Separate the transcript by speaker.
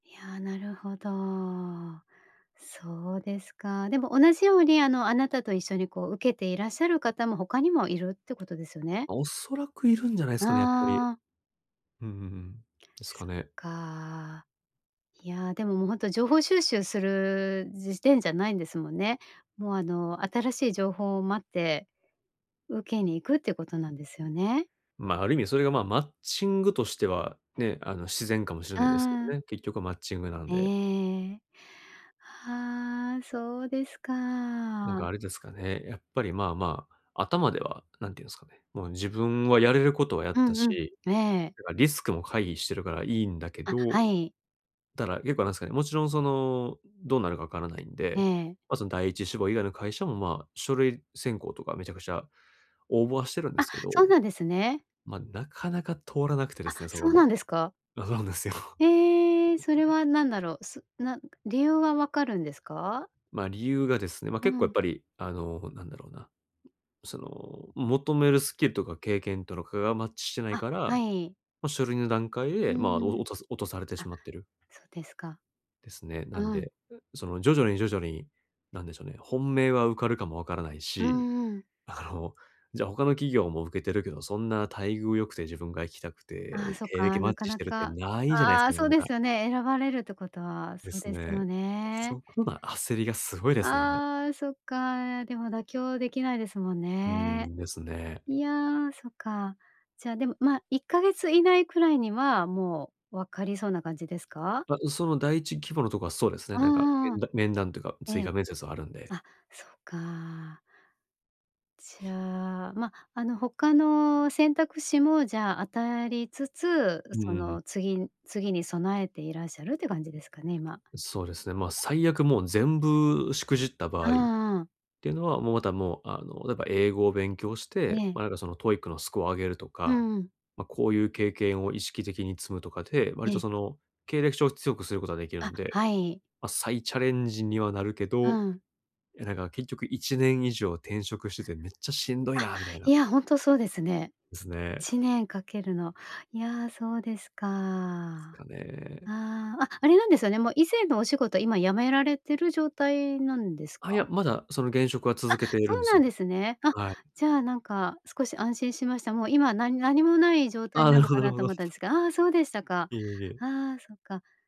Speaker 1: いや、なるほど。そうですか。でも同じように、あの、あなたと一緒に、こう受けていらっしゃる方も、他にもいるってことですよね。
Speaker 2: 恐らくいるんじゃないすかね、やっぱり。
Speaker 1: ああ。
Speaker 2: うんうんうん。ですか
Speaker 1: そっ
Speaker 2: ね。
Speaker 1: か。いや、でも、もうほんと情報収集する時点じゃないんですもんね。もう、あの、新しい情報を待って、受けに行くっていうことなんですよね？
Speaker 2: ま、ある意味それが、ま、マッチングとしては、ね、あの、自然かもしれないですけど
Speaker 1: ああ。
Speaker 2: ね。結局はマッチングなんで。
Speaker 1: ええ。ああ、そうです
Speaker 2: なん
Speaker 1: か。
Speaker 2: かあれですかね。やっぱり、まあまあ、頭では何て言うんすかね、もう自分はやれることはや
Speaker 1: う
Speaker 2: った
Speaker 1: んう
Speaker 2: し、
Speaker 1: ん、ええ。
Speaker 2: てかリスクも回避してるからいいんだけ
Speaker 1: あ、
Speaker 2: ど。
Speaker 1: はい。
Speaker 2: だら、結構なんすかね、もちろんその、どうなるか分からないん
Speaker 1: え
Speaker 2: で。
Speaker 1: え。
Speaker 2: ま、その第一志望以外の会社も、まあ、書類選考とか、めちゃくちゃ応募はしてるんで
Speaker 1: あ、
Speaker 2: すけど。
Speaker 1: そうなんですね。
Speaker 2: ま、なかなか通らなくてで
Speaker 1: あ、
Speaker 2: すね、そこ
Speaker 1: そうな
Speaker 2: も。
Speaker 1: んですか？
Speaker 2: あかうですよ。
Speaker 1: ええ、それはなんだろう。すなんく理由は分かるんですか？
Speaker 2: ま、理由がですね、ま、
Speaker 1: う
Speaker 2: 結構やっ
Speaker 1: ん。
Speaker 2: ぱりあの、なんだろうな。その求めるスキルとか、経験とのかがマッチしてない
Speaker 1: あ、
Speaker 2: か
Speaker 1: は
Speaker 2: ら、
Speaker 1: い。
Speaker 2: ま、書類の段階
Speaker 1: う
Speaker 2: で、まあ、
Speaker 1: んう
Speaker 2: お
Speaker 1: ん。
Speaker 2: 落とす落とされてし
Speaker 1: あ、
Speaker 2: まってる。
Speaker 1: そうですか。
Speaker 2: ですね。なん
Speaker 1: うん。
Speaker 2: で、う、その、徐々に徐々に、何でしょうね、本命は受かるかも分からない
Speaker 1: う
Speaker 2: し、
Speaker 1: んうん。
Speaker 2: あの、じゃあ、他の企業も受けてるけど、そんな待遇良くて、自分が行きたく
Speaker 1: ああ、
Speaker 2: て、
Speaker 1: そっ
Speaker 2: 経歴
Speaker 1: か、
Speaker 2: マッ
Speaker 1: なか
Speaker 2: チし
Speaker 1: な
Speaker 2: てる、って
Speaker 1: か
Speaker 2: ないじゃないす
Speaker 1: あ
Speaker 2: か、
Speaker 1: あ、
Speaker 2: な
Speaker 1: そ
Speaker 2: ん
Speaker 1: う
Speaker 2: な
Speaker 1: で
Speaker 2: か。
Speaker 1: すよね。選ばれるってことは
Speaker 2: で
Speaker 1: そう
Speaker 2: す
Speaker 1: です
Speaker 2: ね。
Speaker 1: よね。
Speaker 2: そこが焦りがすごいですね、今。
Speaker 1: ああ、そっか。でも妥協できないですもん
Speaker 2: うー
Speaker 1: ね。
Speaker 2: ん、ですね。
Speaker 1: いや、そっか。じゃあ、でも、ま、1か月以内くらいには、もう分かりそうな感じですか？
Speaker 2: ま、う、その第一希望のとこはそうですね。
Speaker 1: あ
Speaker 2: なんか
Speaker 1: ああああ
Speaker 2: 面
Speaker 1: あ。
Speaker 2: 談面談というか、
Speaker 1: え
Speaker 2: 追
Speaker 1: え。
Speaker 2: 加面接あるんで。
Speaker 1: あ、そうか。じゃあ、ま、あの、他の選択肢も、じゃあ、当たりつつ、
Speaker 2: うん
Speaker 1: そ
Speaker 2: うん、ふん。
Speaker 1: の次ん次に備えていらっしゃるっていう感じですかね？今。
Speaker 2: そうですね、ま、最悪もう全部しくじった場
Speaker 1: あ
Speaker 2: 合、っ
Speaker 1: あああ。
Speaker 2: ていうのは、もう、また、もう、あの、何か英語を勉強して、ま
Speaker 1: ええ。
Speaker 2: あ、なんか、その TOEIC のスコア上げると
Speaker 1: う
Speaker 2: か。
Speaker 1: んうん。
Speaker 2: ま、こういう経験を意識的に積むとかで、割
Speaker 1: え
Speaker 2: と
Speaker 1: え。
Speaker 2: その、経歴書を強くすることができる
Speaker 1: あ、
Speaker 2: んで。
Speaker 1: はい。
Speaker 2: ま、再チャレンジにはなるけ
Speaker 1: う
Speaker 2: ど、い
Speaker 1: ん。
Speaker 2: やなんか、結局、1年以上転職してて、めっちゃしんどい
Speaker 1: あ、
Speaker 2: なみたいな。
Speaker 1: いやほんと、そうですね。
Speaker 2: です
Speaker 1: い
Speaker 2: ね。
Speaker 1: ちねんかけるの。いや、そうですか。
Speaker 2: です
Speaker 1: あ
Speaker 2: かね。
Speaker 1: あ、あ、あれなんですよね、もう以前のお仕事、今辞められてる状態なんです
Speaker 2: あ、いや、
Speaker 1: か？
Speaker 2: まだその現職は、続
Speaker 1: あ、
Speaker 2: けている
Speaker 1: そ
Speaker 2: ん
Speaker 1: う
Speaker 2: す
Speaker 1: なん
Speaker 2: よ。
Speaker 1: ですね。あ、
Speaker 2: はい。
Speaker 1: じゃあ、なんか、少し安心しました。もう今、何何もない状
Speaker 2: あ
Speaker 1: 態
Speaker 2: あ、な
Speaker 1: な
Speaker 2: る
Speaker 1: の
Speaker 2: ほ
Speaker 1: か
Speaker 2: どなる
Speaker 1: な
Speaker 2: ほ
Speaker 1: と
Speaker 2: ど。
Speaker 1: 思ったんすが、ああ、そうでしたか。
Speaker 2: いえいえ。
Speaker 1: ああ、そっか。